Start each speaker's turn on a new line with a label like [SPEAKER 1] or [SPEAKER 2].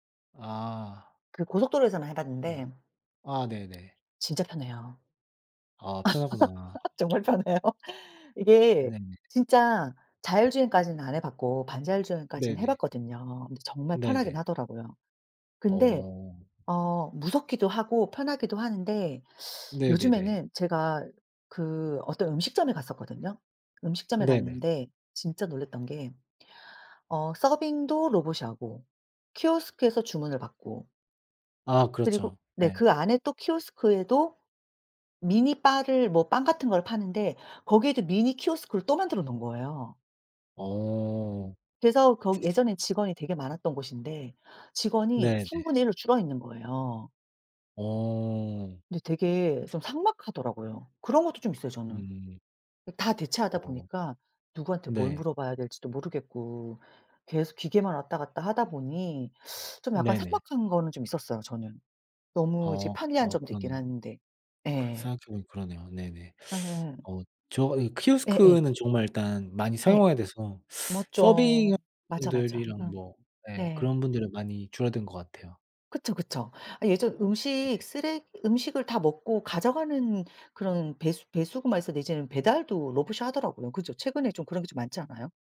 [SPEAKER 1] 아.
[SPEAKER 2] 그 고속도로에서는 해
[SPEAKER 1] 했구나.
[SPEAKER 2] 봤는데
[SPEAKER 1] 아 네네.
[SPEAKER 2] 진짜 편해요.
[SPEAKER 1] 아 편하구나.
[SPEAKER 2] 정말 편해요. 이게
[SPEAKER 1] 네네.
[SPEAKER 2] 진짜 자율주행까지는 안 해 봤고 반자율 주행까지는 해
[SPEAKER 1] 네네.
[SPEAKER 2] 봤거든요. 근데 정말 편하긴
[SPEAKER 1] 네네.
[SPEAKER 2] 하더라고요. 근데
[SPEAKER 1] 어.
[SPEAKER 2] 어 무섭기도 하고 편하기도 하는데
[SPEAKER 1] 네네네.
[SPEAKER 2] 요즘에는 제가 그 어떤 음식점에 갔었거든요. 음식점에
[SPEAKER 1] 네네.
[SPEAKER 2] 갔는데 진짜 놀랬던 게 어 서빙도 로봇이 하고 키오스크에서 주문을 받고
[SPEAKER 1] 아
[SPEAKER 2] 그리고
[SPEAKER 1] 그렇죠.
[SPEAKER 2] 네.
[SPEAKER 1] 예.
[SPEAKER 2] 그 안에 또 키오스크에도 미니 바를 뭐 빵 같은 걸 파는데 거기에도 미니 키오스크를 또 만들어 놓은 거예요.
[SPEAKER 1] 어.
[SPEAKER 2] 그래서 거기 예전에 직원이 되게 많았던 곳인데
[SPEAKER 1] 네
[SPEAKER 2] 직원이
[SPEAKER 1] 네.
[SPEAKER 2] 1/3 로 줄어 있는 거예요.
[SPEAKER 1] 어.
[SPEAKER 2] 근데 되게 좀 삭막하더라고요. 그런 것도 좀 있어요, 저는.
[SPEAKER 1] 음.
[SPEAKER 2] 다 대체하다
[SPEAKER 1] 어.
[SPEAKER 2] 보니까 누구한테 뭘
[SPEAKER 1] 네.
[SPEAKER 2] 물어봐야 될지도 모르겠고 계속 기계만 왔다 갔다 하다 보니 좀 약간
[SPEAKER 1] 네네.
[SPEAKER 2] 삭막한 거는 좀 있었어요, 저는. 너무 이제
[SPEAKER 1] 어.
[SPEAKER 2] 편리한
[SPEAKER 1] 아
[SPEAKER 2] 점도 있긴
[SPEAKER 1] 그러네요.
[SPEAKER 2] 한데.
[SPEAKER 1] 그
[SPEAKER 2] 예.
[SPEAKER 1] 생각해보니 그러네요. 네네.
[SPEAKER 2] 예.
[SPEAKER 1] 어 저 이
[SPEAKER 2] 예예.
[SPEAKER 1] 키오스크는 정말 일단 많이
[SPEAKER 2] 예.
[SPEAKER 1] 사용하게 돼서 서빙하는
[SPEAKER 2] 맞죠. 맞아, 맞아.
[SPEAKER 1] 분들이랑
[SPEAKER 2] 음.
[SPEAKER 1] 뭐 예
[SPEAKER 2] 네.
[SPEAKER 1] 그런 분들은 많이 줄어든 것 같아요.
[SPEAKER 2] 그쵸, 그쵸. 아 예전 음식
[SPEAKER 1] 네네.
[SPEAKER 2] 쓰레기 음식을 다 먹고 가져가는 그런 배수 배수구만 있었는데 이제는 배달도 로봇이 하더라고요. 그죠. 최근에 좀 그런 게 좀 많지 않아요?